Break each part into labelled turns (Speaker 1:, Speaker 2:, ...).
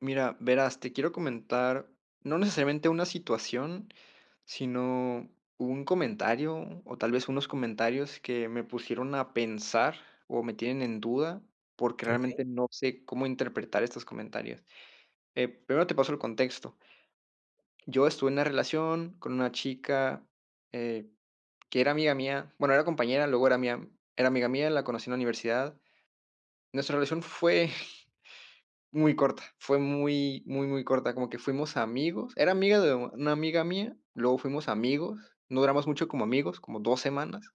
Speaker 1: Mira, verás, te quiero comentar no necesariamente una situación, sino un comentario, o tal vez unos comentarios que me pusieron a pensar o me tienen en duda, porque
Speaker 2: Okey.
Speaker 1: realmente no sé cómo interpretar estos comentarios. Eh, primero te paso el contexto Yo estuve en una relación con una chica, eh, que era amiga mía. Bueno, era compañera, luego era mía era amiga mía, la conocí en la universidad. Nuestra relación fue muy corta, fue muy muy muy corta, como que fuimos amigos. Era amiga de una amiga mía, luego fuimos amigos. No duramos mucho como amigos, como 2 semanas,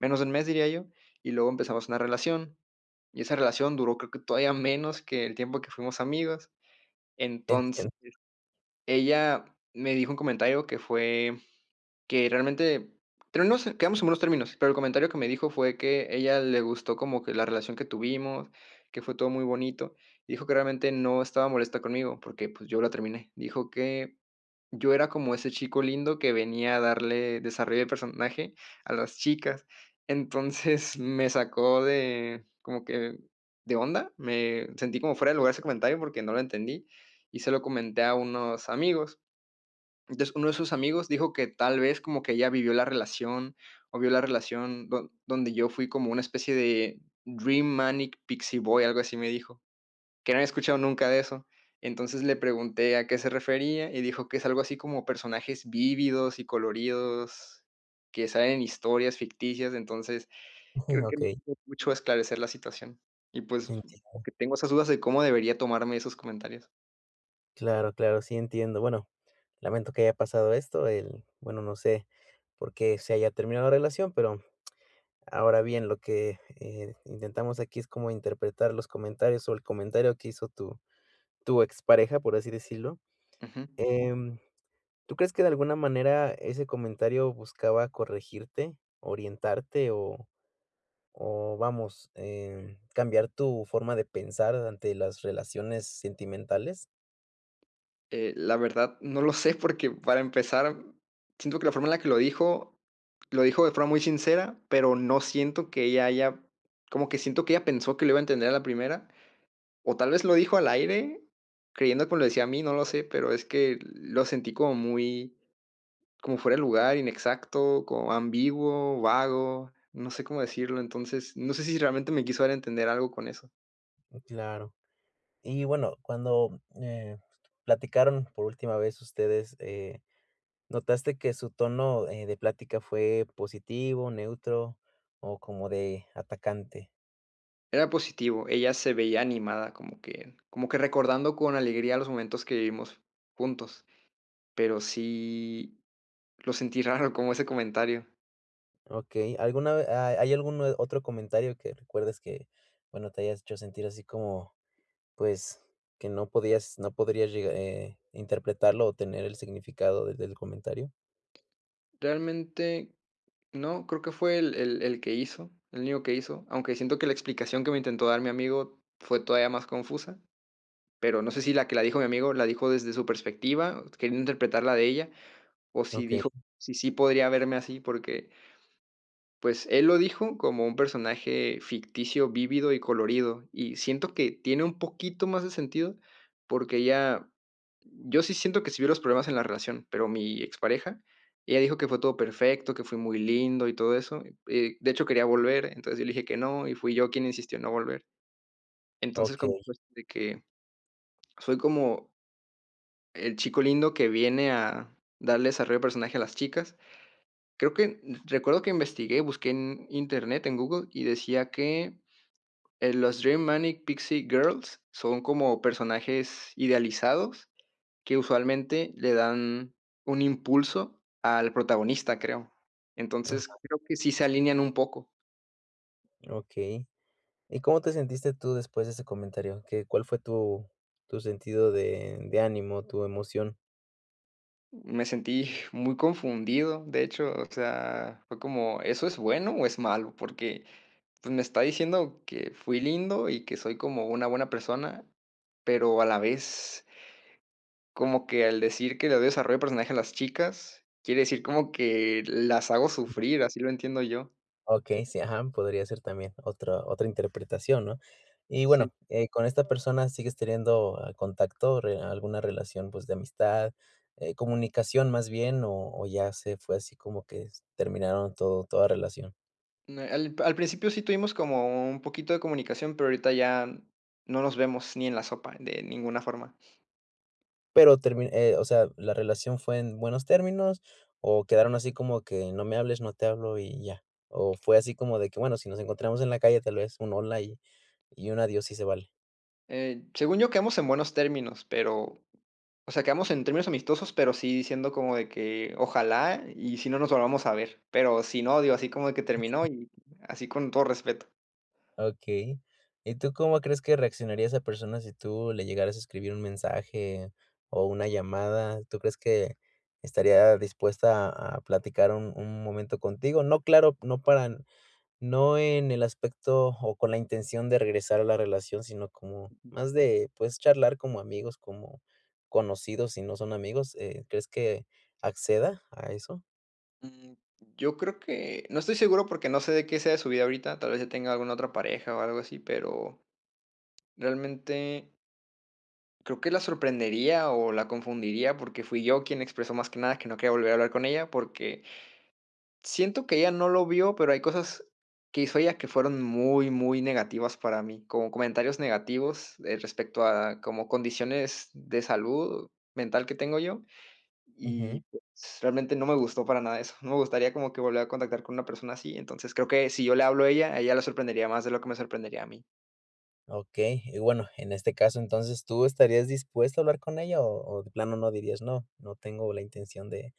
Speaker 1: menos de 1 mes diría yo, y luego empezamos una relación. Y esa relación duró, creo que todavía menos que el tiempo que fuimos amigos.
Speaker 2: Entiendo.
Speaker 1: Entonces, ella me dijo un comentario que fue que realmente pero no sé, quedamos en buenos términos, pero el comentario que me dijo fue, que ella le gustó como que la relación que tuvimos, que fue todo muy bonito. Dijo que realmente no estaba molesta conmigo porque, pues, yo la terminé. Dijo que yo era como ese chico lindo que venía a darle desarrollo de personaje a las chicas. Entonces, me sacó de como que de onda. Me sentí como, fuera de lugar ese comentario porque no lo entendí, y se lo comenté a unos amigos. Entonces, uno de sus amigos dijo que tal vez como que ella vivió la relación, o vio la relación don donde yo fui como una especie de Dream Manic Pixie Boy, algo así me dijo que no había escuchado nunca de eso. Entonces le pregunté a qué se refería y dijo que es algo así como personajes vívidos y coloridos que salen en historias ficticias, entonces,
Speaker 2: Jum,
Speaker 1: creo que no
Speaker 2: okey.
Speaker 1: ayudó mucho a esclarecer la situación. Y, pues, como
Speaker 2: Entiendo.
Speaker 1: que tengo esas dudas de cómo debería tomarme esos comentarios.
Speaker 2: Claro, claro, sí entiendo. Bueno, lamento que haya pasado esto, el bueno, no sé por qué se haya terminado la relación, pero, ahora bien, lo que, eh, intentamos aquí es como interpretar los comentarios o el comentario que hizo tu tu expareja, por así decirlo.
Speaker 1: Ujú.
Speaker 2: Em, ¿tú crees que de alguna manera ese comentario buscaba corregirte, orientarte o o vamos, em, cambiar tu forma de pensar ante las relaciones sentimentales?
Speaker 1: Eh, la verdad no lo sé, porque para empezar, mm, siento que la forma en la que lo dijo. Lo dijo de forma muy sincera, pero no siento que ella haya como que siento que ella pensó que lo iba a entender a la primera. O tal vez lo dijo al aire, creyendo que me lo decía a mí, no lo sé, pero es que, lo sentí como muy como fuera de lugar, inexacto, como ambiguo, vago. No sé cómo decirlo, entonces, no sé si realmente me quiso dar a entender algo con eso.
Speaker 2: Mm, claro. Y, bueno, cuando, eh, platicaron por última vez ustedes, eh, ¿notaste que su tono, eh, de plática fue positivo, neutro o como de atacante?
Speaker 1: Era positivo, ella se veía animada, como que como que recordando con alegría los momentos que vivimos juntos. Pero sí, lo sentí raro como ese comentario.
Speaker 2: Okey, ¿alguna ve ah, hay algún otro comentario que recuerdes que bueno, te hayas hecho sentir así como, pues, que no podías no podrías llegar, eh, interpretarlo o tener el significado de del comentario?
Speaker 1: Realmente, no, creo que fue el el el que hizo, el único que hizo, aunque siento que la explicación que me intentó dar mi amigo fue todavía más confusa, pero no sé si la que la dijo mi amigo la dijo desde su perspectiva, queriendo interpretar la de ella, o si
Speaker 2: Okey.
Speaker 1: dijo, si, sí podría verme así, porque pues, él lo dijo como un personaje ficticio, vívido y colorido, y siento que tiene un poquito más de sentido porque ya yo sí siento que si vi los problemas en la relación, pero mi expareja, ella dijo que fue todo perfecto, que fui muy lindo y todo eso. Eh, de hecho, quería volver. Entonces, yo le dije que no y fui yo quien insistió en no volver. Entonces, como
Speaker 2: Okey.
Speaker 1: [unintelligible] de que fue como el chico lindo que viene a darle desarrollo de personaje a las chicas. Creo que recuerdo que investigué, busqué en Internet, en Google, y decía que: "El los Dream Manic Pixie Girls son como personajes idealizados que, usualmente, le dan un impulso al protagonista", creo.
Speaker 2: Ajá.
Speaker 1: Entonces, creo que sí se alinean un poco.
Speaker 2: Okey. ¿Y cómo te sentiste tú después de ese comentario? ¿Qué Cuál fue tu tu sentido de de ánimo, tu emoción?
Speaker 1: Me sentí muy confundido, de hecho, o sea, fue como, ¿eso es bueno o es malo? Porque, pues, me está diciendo que fui lindo, y que soy como una buena persona, pero a la vez como que al decir que "le doy desarrollo de personaje a las chicas", quiere decir como que las hago sufrir, así lo entiendo yo.
Speaker 2: Okey, sí, ajá, podría ser también otra otra interpretación, ¿no? Y
Speaker 1: Sí.
Speaker 2: bueno, eh, con esta persona, ¿sigues teniendo contacto, re alguna relación, pues, de amistad, eh, comunicación más bien, o o, ya se fue así como que s terminaron todo toda relación?
Speaker 1: Ne Al al principio sí tuvimos como u un poquito de comunicación, pero ahorita ya n no nos vemos, ni en la sopa, de ninguna forma.
Speaker 2: Pero, termi eh, o sea, ¿la relación fue en buenos términos? ¿O quedaron así como que, no me hables, no te hablo y ya? ¿O fue así como de que, bueno, si nos encontramos en la calle, tal vez un hola y y un adiós sí se vale?
Speaker 1: Eh, según yo, quedamos en buenos términos, pero, o sea, quedamos en términos amistosos, pero sí diciendo como de que "ojalá y si no nos volvamos a ver". Pero si no, digo, así como de que terminó y así con todo respeto.
Speaker 2: Okey. ¿Y tú cómo crees que reaccionaría esa persona si tú le llegaras a escribir un mensaje o una llamada? ¿Tú crees que estaría dispuesta a platicar un un momento contigo? No, claro no para no en el aspecto o con la intención de regresar a la relación, sino como
Speaker 1: Ujú.
Speaker 2: más de, puedes charlar como amigos, como conocidos, si no son amigos, eh, ¿crees que acceda a eso?
Speaker 1: Mm, yo creo que no estoy seguro porque no sé de qué sea de su vida ahorita, tal vez ya tenga alguna otra pareja o algo así, pero realmente creo que la sorprendería o la confundiría, porque fui yo quien expresó más que nada que no quería volver a hablar con ella, porque siento que ella no lo vio, pero hay cosas que hizo ella que fueron muy, muy negativas para mí. Con comentarios negativos, eh, respecto a como condiciones de salud mental que tengo yo. Y
Speaker 2: Ujú.
Speaker 1: pues, realmente no me gustó para nada eso. No me gustaría como que volver a contactar con una persona así. Entonces, creo que si yo le hablo a ella, a ella le sorprendería más de lo que me sorprendería a mí.
Speaker 2: Okey. Y bueno, en este caso, entonces, ¿tú estarías dispuesto a hablar con ella?, o o de plano no, dirías: "No, no tengo la intención de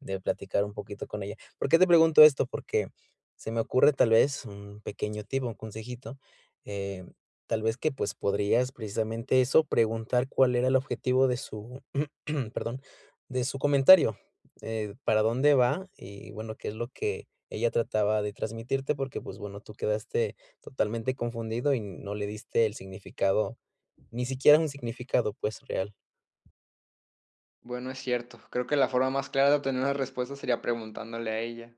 Speaker 2: de platicar un poquito con ella". ¿Por qué te pregunto esto? Porque se me ocurre, tal vez, un pequeño tip, o un consejito, em, tal vez que, pues, podrías precisamente eso, preguntar cuál era el objetivo de su perdón de su comentario, eh, para dónde va. Y bueno, qué es lo que ella trataba de transmitirte porque, pues, bueno, tú quedaste totalmente confundido y no le diste el significado, ni siquiera un significado, pues, real.
Speaker 1: Bueno, es cierto. Creo que la forma más clara de obtener una respuesta, sería preguntándole a ella.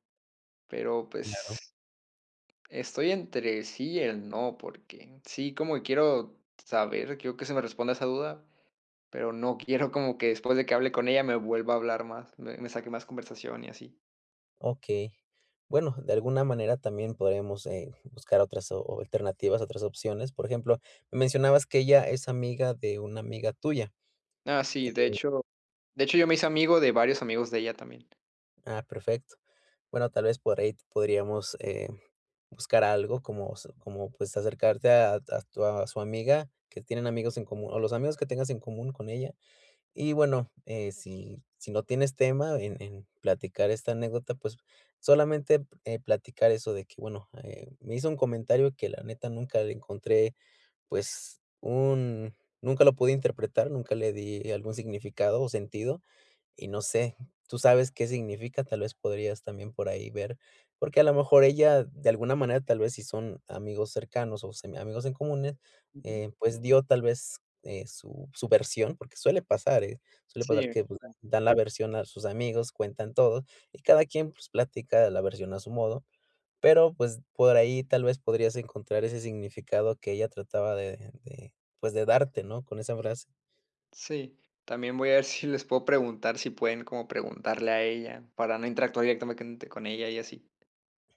Speaker 1: Pero,
Speaker 2: Claro.
Speaker 1: pues Estoy entre sí y el no, porque, sí como quiero saber, quiero que se me responda esa duda, pero no quiero como que después de que hable con ella me vuelva a hablar más me me saque más conversación y así.
Speaker 2: Okey. Bueno, de alguna manera también podremos, eh, buscar otras o alternativas, otras opciones. Por ejemplo, me mencionabas que ella es amiga de una amiga tuya,
Speaker 1: Ah sí, de
Speaker 2: eh
Speaker 1: hecho de hecho yo me hice amigo de varios amigos de ella también.
Speaker 2: Ah, perfecto. Bueno, tal vez por ahí podríamos, eh, buscar algo como s como, pues, acercarte a a tu a su amiga, que tienen amigos en común, o los amigos que tengas en común con ella. Y bueno, eh, si si no tienes tema en en platicar esta anécdota, pues, solamente p eh, platicar eso de que: "Bueno, eh, me hizo un comentario que la neta nunca le encontré, pues, un nunca lo pude interpretar, nunca le di algún significado o sentido, y no sé, ¿tú sabes qué significa?". Tal vez podrías también por ahí ver. Porque a lo mejor ella, de alguna manera, tal vez, si son amigos cercanos o semiamigos en comunes,
Speaker 1: Ujú.
Speaker 2: eh, pues, dio tal vez, eh, su su versión, porque suele pasar, eh, suele
Speaker 1: Sí,
Speaker 2: pasar
Speaker 1: eh.
Speaker 2: que
Speaker 1: Sí.
Speaker 2: dan la versión a sus amigos, cuentan todo, y cada quien, pues, platica la versión a su modo, pero, pues, por ahí tal vez podrías encontrar ese significado que ella trataba de de, pues, de darte, ¿no? Con esa frase.
Speaker 1: Sí. También voy a ver si les puedo preguntar si pueden como preguntarle a ella, para no interactuar directamente con ella y así.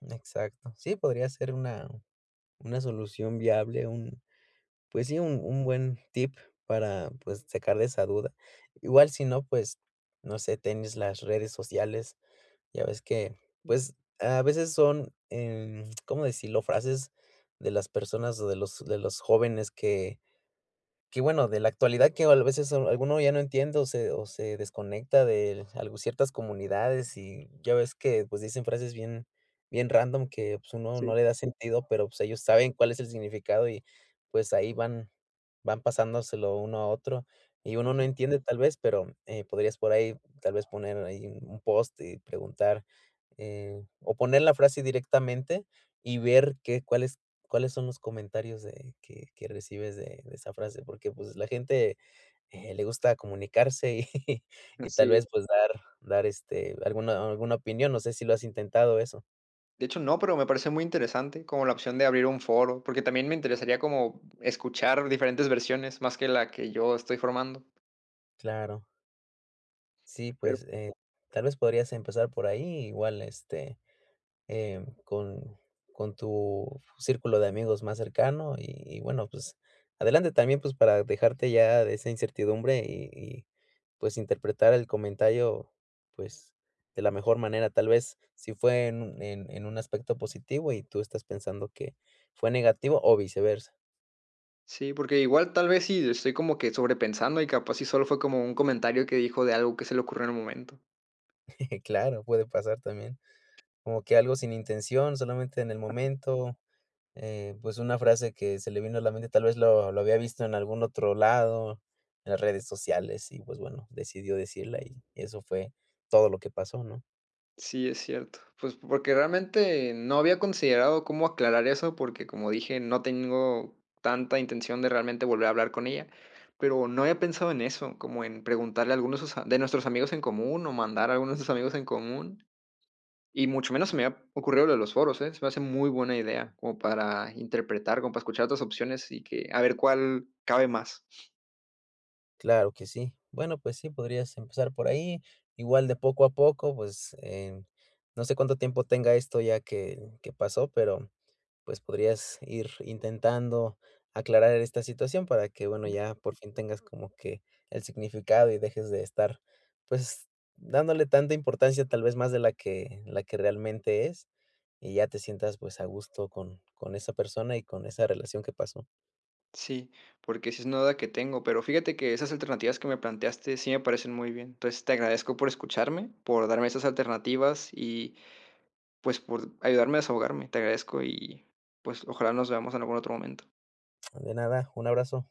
Speaker 2: Exacto. Sí, podría ser una una solución viable, un pues sí, un un buen tip para, pues, sacar de esa duda. Igual, sino, pues, no sé, tienes las redes sociales. Ya ves que,
Speaker 1: Mm.
Speaker 2: pues, a veces son, em, ¿cómo decirlo?, frases de las personas o de los de los jóvenes que que bueno, de la actualidad que o a veces alguno ya no entiende o se o se desconecta del algo ciertas comunidades y ya ves que, pues, dicen frases bien bien random que, pues, uno no
Speaker 1: Sí.
Speaker 2: le da sentido pero, pues, ellos saben cuál es el significado, y pues, ahí van van pasándoselo uno a otro, y uno no
Speaker 1: Ujú.
Speaker 2: entiende tal vez pero, eh, podrías por ahí tal vez poner ahí un un post y preguntar, eh, o poner la frase directamente y ver qué cuáles cuáles son los comentarios de que que recibes de de esa frase, porque, pues, la gente, eh, le gusta comunicarse y y tal
Speaker 1: Así.
Speaker 2: vez, pues, dar dar, este, alguna alguna opinión, no sé si lo has intentado eso.
Speaker 1: De hecho, no, pero me parece muy interesante, como la opción de abrir un foro, porque también me interesaría como escuchar diferentes versiones, más que la que yo estoy formando.
Speaker 2: Claro. Sí,
Speaker 1: Pero.
Speaker 2: pues, eh, tal vez podrías empezar por ahí, igual este, eh, con con tu círculo de amigos más cercano, y y bueno, pues, adelante. También, pues, para dejarte ya de esa incertidumbre, y y, pues, interpretar el comentario, pues, de la mejor manera, tal vez si fue en un en en un aspecto positivo y tú estás pensando que fue negativo o viceversa.
Speaker 1: Sí, porque igual, tal vez sí, estoy como que, sobrepensando, y capaz sí, solo fue como un comentario que dijo de algo que se le ocurrió en el momento.
Speaker 2: Claro, puede pasar también. Como que algo sin intención, solamente en el
Speaker 1: Ajá.
Speaker 2: momento, eh, pues, una frase que se le vino a la mente, tal vez lo lo había visto en algún otro lado, en las redes sociales. Y, pues, bueno, decidió decirla y eso fue todo lo que pasó, ¿no?
Speaker 1: Sí, es cierto. Pues, po porque realmente no había considerado, cómo aclarar eso, porque, como dije, no tengo tanta intención de realmente volver a hablar con ella. Pero no había pensado en eso, como en preguntarle a algunos de sus a de nuestros amigos en común, o mandar a algunos de nuestros amigos en común. Y mucho menos se me había ocurrido lo de los foros ¿eh? Se me hace muy buena idea, como para interpretar, como para escuchar otras opciones, y que a ver cuál cabe más.
Speaker 2: Claro que sí. Bueno, pues sí, podrías empezar por ahí. Igual, de poco a poco, pues, em, no sé cuánto tiempo tenga esto ya que que pasó, pero, mm, pues, podrías ir intentando aclarar esta situación, para que, bueno,
Speaker 1: Ujú.
Speaker 2: ya por fin tengas como que, el significado, y dejes de estar, pues dándole tanta importancia, tal vez más de la que la que realmente es, y ya te sientas, pues, a gusto con con esa persona y con esa relación que pasó.
Speaker 1: Sí, porque sí es una duda que tengo. Pero fíjate que esas alternativas que me planteaste sí me parecen muy bien. Entonces, te agradezco por escucharme, por darme esas alternativas y, pues, por ayudarme a desahogarme. Te agradezco, y pues, ojalá nos veamos en algún otro momento.
Speaker 2: De nada, un abrazo.